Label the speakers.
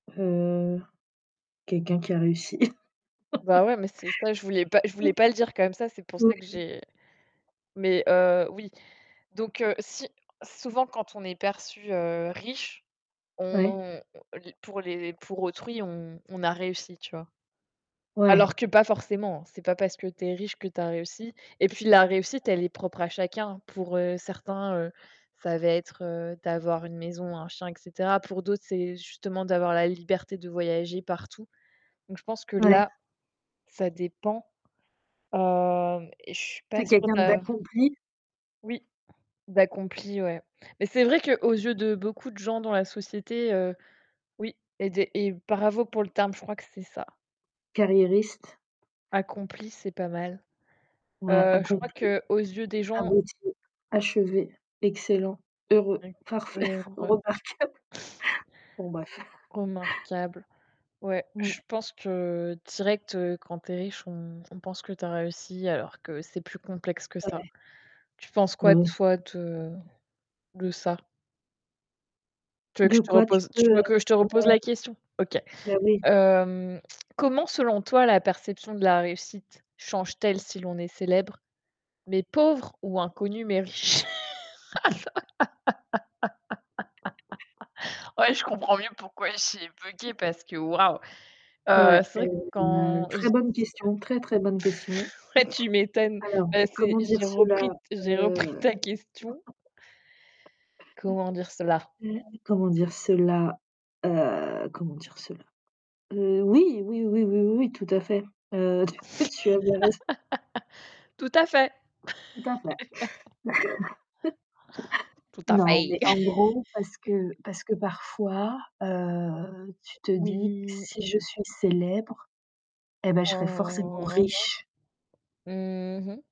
Speaker 1: Heu, quelqu'un qui a réussi.
Speaker 2: Bah, ouais, mais c'est ça, je voulais pas je voulais
Speaker 1: [unintelligible]
Speaker 2: pas le dire quand même ça, c'est pour
Speaker 1: Oui.
Speaker 2: ça que j'ai mais heu, oui. Donc, heu, si, souvent quand on est perçu, heu, riche,
Speaker 1: Ouais.
Speaker 2: on les pour les pour autrui, on on a réussi, tu vois?
Speaker 1: Ouais.
Speaker 2: Alors que pas forcément, c'est pas parce que tu es riche que tu as réussi et puis, la réussite, elle est propre à chacun. Pour, heu, certains, heu, ça va être d'avoir une maison, un chien et cetera. Pour d'autres, c'est justement d'avoir la liberté de voyager partout. Donc, je pense que
Speaker 1: Ouais.
Speaker 2: là, ça dépend. Heu, et je suis pas
Speaker 1: C'est
Speaker 2: sûre
Speaker 1: quelqu'un
Speaker 2: de
Speaker 1: d'accompli.
Speaker 2: Oui, d'accompli, ouais. Mais c'est vrai qu'aux yeux de beaucoup de gens dans la société, heu oui et de et bravo pour le terme, je crois que c'est ça.
Speaker 1: Carriériste.
Speaker 2: Accompli, c'est pas mal.
Speaker 1: Ouais,
Speaker 2: Heu, je crois
Speaker 1: accompli,
Speaker 2: qu'aux yeux des gens
Speaker 1: abouti, achevé, excellent, heureux,
Speaker 2: [unintelligible]
Speaker 1: parfait,
Speaker 2: Heureux.
Speaker 1: remarquable, bon, bref.
Speaker 2: Remarquable. Ouais, je
Speaker 1: Ouais.
Speaker 2: pense que direct, heu, quand tu es riche, on on pense que tu as réussi, alors que c'est plus complexe que ça.
Speaker 1: Ouais.
Speaker 2: Tu penses
Speaker 1: Bah
Speaker 2: quoi
Speaker 1: oui.
Speaker 2: toi, de de ça? Tu veux que
Speaker 1: De
Speaker 2: je te
Speaker 1: quoi, tu
Speaker 2: repose tu
Speaker 1: peux
Speaker 2: veux que je te repose la
Speaker 1: [unintelligible]
Speaker 2: question? OK.
Speaker 1: Bah, oui.
Speaker 2: Hem, comment selon toi, la perception de la réussite change-t-elle si l'on est célèbre mais pauvre, ou inconnu mais riche? Ouais, je comprends mieux pourquoi j'ai buggé, parce que waouh. Heu,
Speaker 1: Ouais,
Speaker 2: c'est
Speaker 1: heu,
Speaker 2: vrai que
Speaker 1: une
Speaker 2: quand je
Speaker 1: très
Speaker 2: [unintelligible]
Speaker 1: bonne question, très, très bonne question.
Speaker 2: Ouais, tu m'étonnes!
Speaker 1: Alors,
Speaker 2: Bah, c'est
Speaker 1: comment dire
Speaker 2: j'ai
Speaker 1: cela,
Speaker 2: repris j'ai repris
Speaker 1: heu
Speaker 2: ta question. Comment dire cela?
Speaker 1: comment dire cela, heu, comment dire cela? Heu, oui, oui, oui, oui, oui tout à fait. Heu, tu tu avais raison
Speaker 2: Tout à fait.
Speaker 1: Tout à fait.
Speaker 2: Tout à
Speaker 1: Non,
Speaker 2: fait.
Speaker 1: mais en gros, parce que parce que parfois, heu, tu te dis que
Speaker 2: Oui.
Speaker 1: si je suis célèbre eh bah, je serai forcément
Speaker 2: Mmh, mh
Speaker 1: riche.
Speaker 2: mh, mmh mh.